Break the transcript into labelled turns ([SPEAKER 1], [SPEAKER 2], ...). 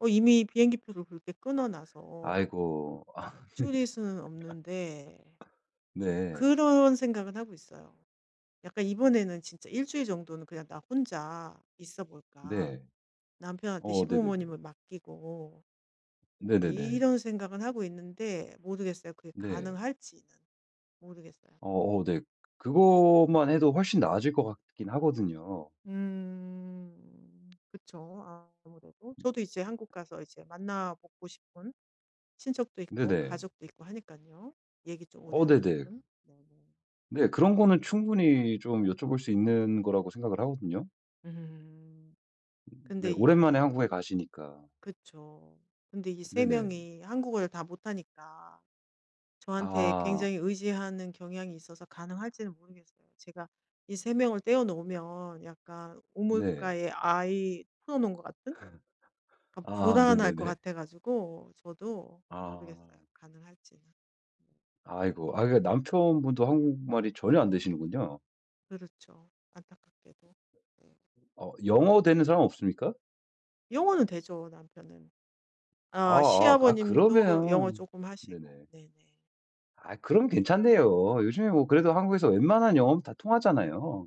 [SPEAKER 1] 어 이미 비행기 표를 그렇게 끊어 놔서
[SPEAKER 2] 아이고. 아
[SPEAKER 1] 줄일 수는 없는데
[SPEAKER 2] 네. 네.
[SPEAKER 1] 그런 생각은 하고 있어요. 약간 '이번에는 진짜 1 주일 정도는 그냥 나 혼자 있어 볼까.
[SPEAKER 2] 네.
[SPEAKER 1] 남편한테
[SPEAKER 2] 어 네네네.
[SPEAKER 1] 시부모님을 맡기고.' 이
[SPEAKER 2] 네네네.
[SPEAKER 1] 이런 생각은 하고 있는데 모르겠어요. 그게
[SPEAKER 2] 네.
[SPEAKER 1] 가능할지는 모르겠어요.
[SPEAKER 2] 어어 네. 그거만 해도 훨씬 나아질 것 같긴 하거든요.
[SPEAKER 1] 음 그쵸. 아 아무래도. 저도 이제 한국 가서 이제 만나보고 싶은 친척도 있고
[SPEAKER 2] 네네.
[SPEAKER 1] 가족도 있고 하니깐요. 얘기 좀 오래
[SPEAKER 2] 어
[SPEAKER 1] 하고
[SPEAKER 2] 네네.
[SPEAKER 1] 싶은. 네네.
[SPEAKER 2] 네. 그런 거는 충분히 좀 여쭤볼 수 있는 거라고 생각을 하거든요.
[SPEAKER 1] 음
[SPEAKER 2] 음 네.
[SPEAKER 1] 근데 이
[SPEAKER 2] 오랜만에
[SPEAKER 1] 예.
[SPEAKER 2] 한국에 가시니까.
[SPEAKER 1] 그쵸. 근데 이 3
[SPEAKER 2] 네네.
[SPEAKER 1] 명이 한국어를 다 못 하니까 저한테
[SPEAKER 2] 아.
[SPEAKER 1] 굉장히 의지하는 경향이 있어서 가능할지는 모르겠어요. 제가 이 3 명을 떼어 놓으면 약간
[SPEAKER 2] 네.
[SPEAKER 1] 우물가에 아이 풀어 놓은 것 같은? 약간
[SPEAKER 2] 아
[SPEAKER 1] 불안할 것
[SPEAKER 2] 네네네.
[SPEAKER 1] 같아가지고 저도
[SPEAKER 2] 아.
[SPEAKER 1] 모르겠어요 가능할지는.
[SPEAKER 2] 아이고 아 이게 남편분도 한국말이 전혀 안 되시는군요.
[SPEAKER 1] 그렇죠. 안타깝게도. 네.
[SPEAKER 2] 어 영어 되는 사람 없습니까?
[SPEAKER 1] 영어는 되죠 남편은. 아
[SPEAKER 2] 아아 아
[SPEAKER 1] 시아버님도 영어
[SPEAKER 2] 그러면
[SPEAKER 1] 쪼금 하시고.
[SPEAKER 2] 네네.
[SPEAKER 1] 네네.
[SPEAKER 2] 아 그럼 괜찮네요. 요즘에 뭐 그래도 한국에서 웬만한 영어는 다 통하잖아요.